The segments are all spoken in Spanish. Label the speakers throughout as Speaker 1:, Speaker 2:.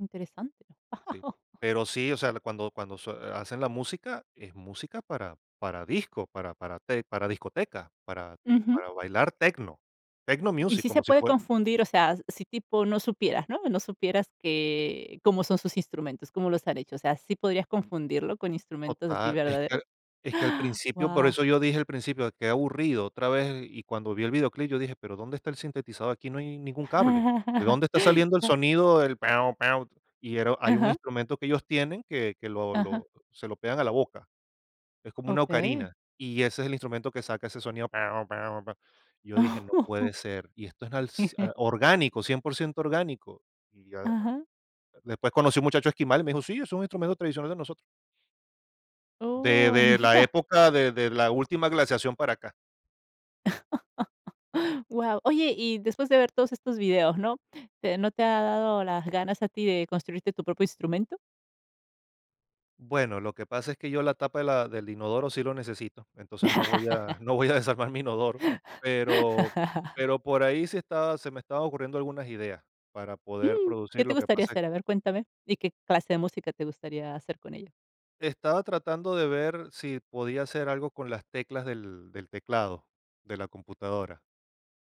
Speaker 1: Interesante.
Speaker 2: Sí. Pero sí, o sea, cuando cuando sue hacen la música, es música para para disco, para para te para discoteca, para
Speaker 1: Ujú.
Speaker 2: para bailar techno, techno
Speaker 1: Y
Speaker 2: music,
Speaker 1: sí se
Speaker 2: como si
Speaker 1: puede
Speaker 2: fue
Speaker 1: confundir, o sea, si tipo no supieras, ¿no?, no supieras que cómo son sus instrumentos, cómo los han hecho, o sea, ¿sí podrías confundirlo con instrumentos así
Speaker 2: Total, es que al
Speaker 1: verdaderos?
Speaker 2: es que al principio, por
Speaker 1: Wao.
Speaker 2: eso yo dije, al principio, qué aburrido, otra vez, y cuando vi el videoclip yo dije: "¿Pero dónde está el sintetizador? Aquí no hay ningún cable, ¿de dónde está saliendo el
Speaker 1: Ya.
Speaker 2: sonido? el pau, pau." Y era hay un
Speaker 1: Ajá.
Speaker 2: instrumento que ellos tienen que que lo
Speaker 1: Ajá.
Speaker 2: lo se lo pegan a la boca, es como una
Speaker 1: Okey.
Speaker 2: ocarina, y ese es el instrumento que saca ese sonido: "Pau, pau, pa" Yo dije: "No puede ser, y esto es al ci orgánico, cien por ciento orgánico". Y ya, ah,
Speaker 1: Ajá.
Speaker 2: después conocí un muchacho esquimal y me dijo: "Sí, es un instrumento tradicional de nosotros". De
Speaker 1: Oh,
Speaker 2: de la
Speaker 1: mira.
Speaker 2: época de de la última glaciación para acá.
Speaker 1: Guau. Oye, y después de ver todos estos videos, ¿no? ¿Te no te ha dado las ganas a ti de construirte tu propio instrumento?
Speaker 2: Bueno, lo que pasa es que yo la tapa de la del inodoro sí lo necesito, entonces, no voy a no voy a desarmar mi inodoro, pero pero por ahí se está se me estaban ocurriendo algunas ideas para poder
Speaker 1: Mm, ¿qué
Speaker 2: producir.
Speaker 1: te
Speaker 2: Lo que
Speaker 1: gustaría
Speaker 2: pasa es
Speaker 1: hacer? A ver, cuéntame, ¿y qué clase de música te gustaría hacer con ella?
Speaker 2: Estaba tratando de ver si podía hacer algo con las teclas del del teclado, de la computadora.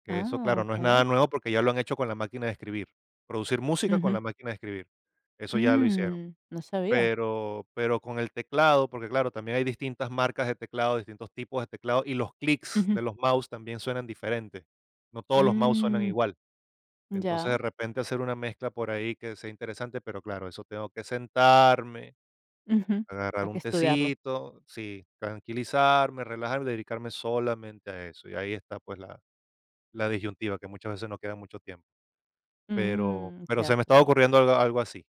Speaker 2: Que eso,
Speaker 1: Ah,
Speaker 2: claro, no es nada
Speaker 1: okey.
Speaker 2: nuevo porque ya lo han hecho con la máquina de escribir, producir música con
Speaker 1: Ujú.
Speaker 2: la máquina de escribir, eso ya lo hicieron.
Speaker 1: Mm, no sabía.
Speaker 2: Pero pero con el teclado, porque claro, también hay distintas marcas de teclado, distintos tipos de teclado, y los clics
Speaker 1: Ujú.
Speaker 2: de los mouse también suenan diferente. No todos los mouse suenan
Speaker 1: Mm.
Speaker 2: igual. Entonces, de
Speaker 1: Ya.
Speaker 2: repente, hacer una mezcla por ahí, que sea interesante, pero claro, eso, tengo que sentarme,
Speaker 1: Ujú.
Speaker 2: agarrar
Speaker 1: Hay que
Speaker 2: un
Speaker 1: estudiarlo.
Speaker 2: tecito sí, tranquilizarme, relajarme y dedicarme solamente a eso, y ahí está, pues, la la disyuntiva, que muchas veces no queda mucho tiempo. Pero
Speaker 1: Mm.
Speaker 2: pero se me
Speaker 1: Cierto,
Speaker 2: estaba
Speaker 1: cierto.
Speaker 2: ocurriendo algo algo así.